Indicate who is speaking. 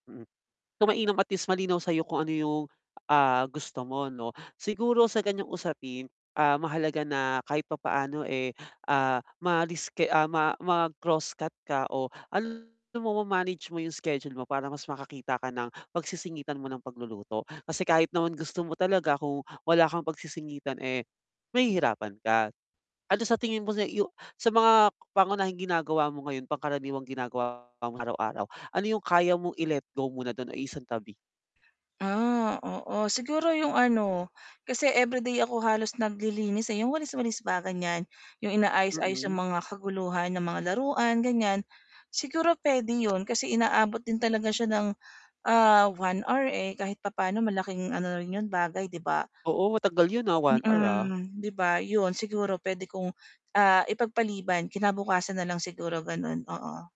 Speaker 1: So mainam at least malinaw sa'yo kung ano yung, ah, gusto mo 'no, siguro sa ganiyang usapin, ah, mahalaga na kahit papaano, eh, ah, maalis kay ma mag-crosscut ka o ano mo ma-manage mo yung schedule mo para mas makakita ka ng pagsisingitan mo ng pagluluto, kasi kahit naman gusto mo talaga kung wala kang pagsisingitan, eh, mahihirapan ka. Ano sa tingin mo na yu sa mga pangunahing ginagawa mo ngayon, pangkaraniwang ginagawa mo araw-araw, ano yung kaya mong i-let go muna dun o i-isang tabi?
Speaker 2: Ah, oo, siguro 'yong ano kasi everyday ako halos naglilinis, eh, yung walis-walis ba ganyan, yung inaayos-aayos ng
Speaker 1: Mm.
Speaker 2: mga kaguluhan ng mga laruan ganyan, siguro, puwede yun, kasi inaabot din talaga siya ng ah, 1 hour, eh, kahit papaano malaking ano na rin 'yon bagay 'di ba?
Speaker 1: Oo matagal yun, ah, 1 hour, ah.
Speaker 2: Mm, 'di ba, yun siguro puwede kong ah, ipagpaliban kinabukasan nalang siguro, ganun oo.